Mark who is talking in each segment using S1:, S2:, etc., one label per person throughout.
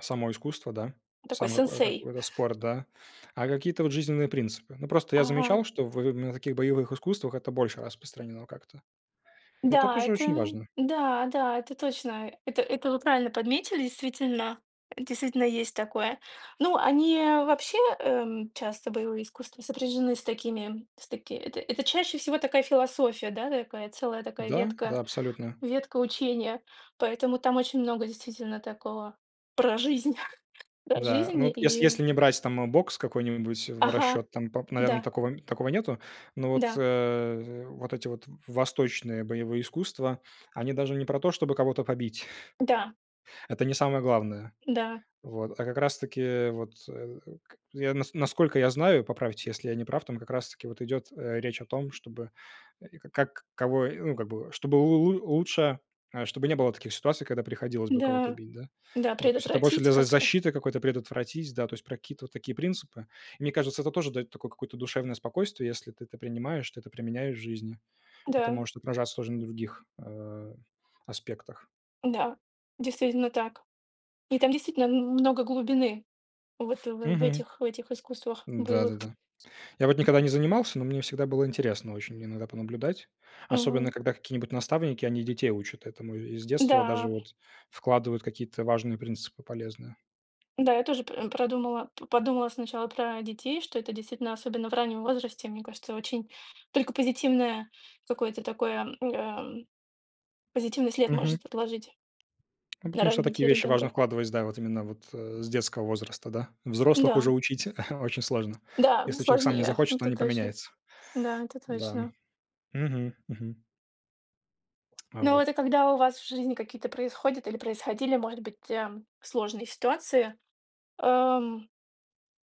S1: Само искусство, да,
S2: Ну такой
S1: сам какое
S2: сенсей.
S1: какой-то спорт, да, а какие-то вот жизненные принципы. Ну, просто я
S2: Ага.
S1: замечал, что в на таких боевых искусствах это больше распространено как-то. Это
S2: Да,
S1: тоже очень
S2: это
S1: важно.
S2: да, да это точно. Это это вы правильно подметили. Действительно, Действительно есть такое. Ну они вообще, эм, часто боевые искусства, сопряжены с такими с таки это это чаще всего такая философия, да такая целая такая
S1: Да,
S2: ветка,
S1: да, абсолютно.
S2: ветка учения. Поэтому там очень много действительно такого про жизнь. Про
S1: Да,
S2: жизнь
S1: ну, вот ес
S2: и
S1: если не брать там бокс какой-нибудь в
S2: Ага,
S1: расчет, там, пап наверное,
S2: да.
S1: такого такого нету. Но вот,
S2: Да.
S1: э, вот эти вот восточные боевые искусства, они даже не про то, чтобы кого-то побить.
S2: Да.
S1: Это не самое главное.
S2: Да.
S1: Вот, а как раз-таки, э, вот, э, к я нас насколько я знаю, поправьте, если я не прав, там как раз-таки вот идет, э, речь о том, чтобы и как кого, ну, как бы, чтобы лу лу лучше, чтобы не было таких ситуаций, когда приходилось бы кого-то
S2: Да,
S1: бить, да.
S2: да
S1: Вот, то есть, это больше для
S2: предотвратить
S1: за
S2: как-то.
S1: защиты какой-то предотвратить, да, то есть, про какие-то вот такие принципы. Мне кажется, это тоже дает такое какое-то душевное спокойствие. Если ты это принимаешь, ты это применяешь в жизни. Это
S2: Да.
S1: может отражаться тоже на других, э, аспектах.
S2: Да. Действительно так. И там действительно м много глубины вот в в
S1: Мгм.
S2: этих в этих искусствах боевых.
S1: Да-да-да. Я вот никогда не занимался, но мне всегда было интересно очень иногда понаблюдать, особенно
S2: Мгм.
S1: когда какие-нибудь наставники, они детей учат этому и и с детства даже
S2: Да!
S1: вот вкладывают какие-то важные принципы, полезные.
S2: Да, я тоже п продумала, п подумала сначала про детей, что это действительно, особенно в раннем возрасте, мне кажется, очень только позитивное какое-то такое, м, эм, позитивный след
S1: Мгм.
S2: может отложить
S1: Ну
S2: на
S1: потому что в такие
S2: развитие и
S1: вещи важно
S2: ребёнка.
S1: вкладывать, с да, вот именно вот, э, с детского возраста, да, взрослых уже
S2: Да.
S1: учить очень сложно,
S2: Да ну
S1: если человек сам не
S2: сложнее,
S1: захочет,
S2: это
S1: он не
S2: точно.
S1: поменяется,
S2: Да это
S1: да,
S2: точно.
S1: мгм, мгм. А
S2: Ну это
S1: вот.
S2: когда у вас в жизни какие-то происходят или происходили, может быть, э, сложные ситуации, эм,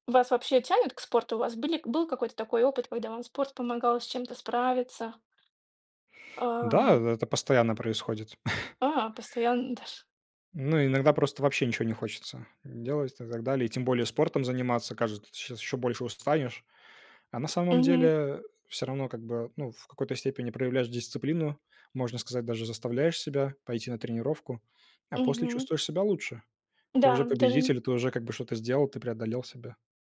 S2: вас вообще тянет к спорту? У вас были был какой-то такой опыт, когда спорт помогал с чем-то справиться?
S1: Да,
S2: А.
S1: эт это постоянно происходит.
S2: А, постоянно даже.
S1: Ну, иногда просто вообще ничего не хочется делать и так далее. И тем более спортом заниматься. Кажется, сейчас ещё больше устанешь. А на самом
S2: Мгм.
S1: деле всё равно, как бы, ну, в какой-то степени проявляешь дисциплину, можно сказать, даже заставляешь себя пойти на тренировку, а после
S2: Мгм.
S1: чувствуешь себя лучше. Ты уже
S2: Да, даже н
S1: победитель, ты уже как бы что-то сделал, ты преодолел себя.